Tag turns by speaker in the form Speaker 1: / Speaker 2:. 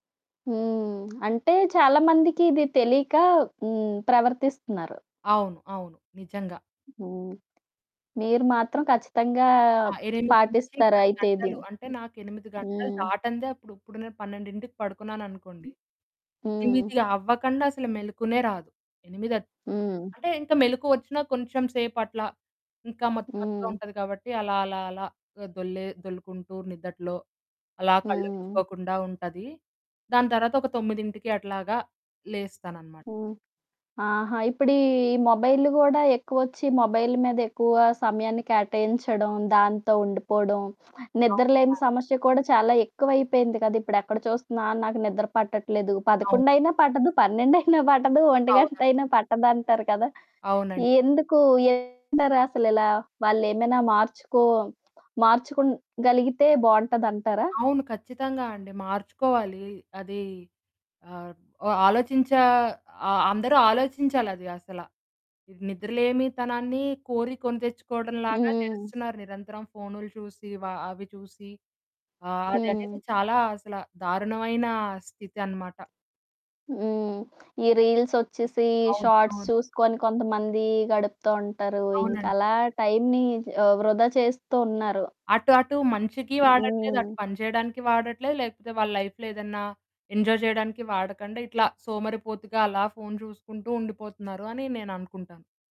Speaker 1: హ్మ్. అంటే చాలా మందికిది ఇది తెలీక హ్మ్. ప్రవర్తిస్తున్నారు.
Speaker 2: అవును. అవును. నిజంగా.
Speaker 1: హ్మ్. మీరు మాత్రం ఖచ్చితంగా
Speaker 2: ఆ! 8 నుంచి 10
Speaker 1: పాటిస్తారైతే ఇది.
Speaker 2: గంటలు. అంటే నాకు 8 గంటలు
Speaker 1: హ్మ్.
Speaker 2: దాటందే, అప్పుడు ఇప్పుడు నేను 12కి పడుకున్నాననుకోండి,
Speaker 1: హ్మ్.
Speaker 2: ఎనిమిదవ్వకండా అసలు మెలుకువనే రాదు. 8
Speaker 1: హ్మ్.
Speaker 2: అంటే ఇంకా మెలుకువొచ్చినా కొంచెం సేపట్లా ఇంకా మత్తు మత్తుగా
Speaker 1: హ్మ్.
Speaker 2: ఉంటది కాబట్టి, అలా అలా అలా దొల్లే దొల్లుకుంటూ నిద్దట్లో అలా
Speaker 1: హ్మ్.
Speaker 2: కళ్లువిచ్చుకోకుండా ఉంటది. దాని తర్వాత ఒక 9కి అట్లాగా లేస్తాననమాట.
Speaker 1: హ్మ్. ఆహా! ఇప్పుడీ మొబైల్‌లు కూడా ఎక్కువొచ్చి మొబైల్ మీదెక్కువ సమయాన్ని కేటాయించడం, దాంతో ఉండిపోవడం,
Speaker 2: అవును,
Speaker 1: నిద్రలేని
Speaker 2: అవును.
Speaker 1: సమస్య కూడా చాలా ఎక్కువైపోయింది కదా! ఇప్పుడు ఎక్కడ చూస్తున్నా నాకు నిద్ర పట్టట్లేదు,
Speaker 2: అవును.
Speaker 1: పదకొండైనా పట్టదు, పన్నెండైనా పట్టదు,
Speaker 2: అవును.
Speaker 1: ఒంటిగంటైనా పట్టదంటారు కదా!
Speaker 2: అవునండి.
Speaker 1: ఎందుకు ఏంటంటారసలిలా? వాళ్ళేమైనా మార్చుకో మార్చుకో‌గలిగితే బావుంటదంటారా?
Speaker 2: అవును. ఖచ్చితంగా అండి. మార్చుకోవాలీ. అదీ ఆహ్, ఆలోచించే ఆహ్, అందరూ ఆలోచించాలది అసల. నిద్రలేమితనాన్ని కోరి కొనితెచ్చుకోవడంలాగా
Speaker 1: హ్మ్.
Speaker 2: చేస్తున్నారు నిరంతరం ఫోన్‌లు చూసి వ అవి చూసి, ఆహ్, అదనేది
Speaker 1: హ్మ్.
Speaker 2: చాలా అసల దారుణమైన స్థితనమాట.
Speaker 1: హ్మ్. ఈ రీల్స్ వచ్చేసీ, ఈ
Speaker 2: అవును.
Speaker 1: షార్ట్స్
Speaker 2: అవును.
Speaker 1: చూసుకొని కొంతమందీ గడుపుతూ ఉంటారు. ఇంక
Speaker 2: అవునండి.
Speaker 1: అలా టైమ్‌ని ఆహ్, వృధా చేస్తూ ఉన్నారు.
Speaker 2: అటు అటు మంచికి వాడట్లేదు, అటు
Speaker 1: హ్మ్.
Speaker 2: పని చేయడానికి వాడట్లేదు, లేకపోతే వాళ్ళ లైఫ్‌లో ఏదన్నా ఎంజాయ్ చేయడానికి వాడకండా, ఇట్లా సోమరిపోతుగా అలా ఫోన్ చూసుకుంటూ ఉండిపోతున్నారని నేననుకుంటాను.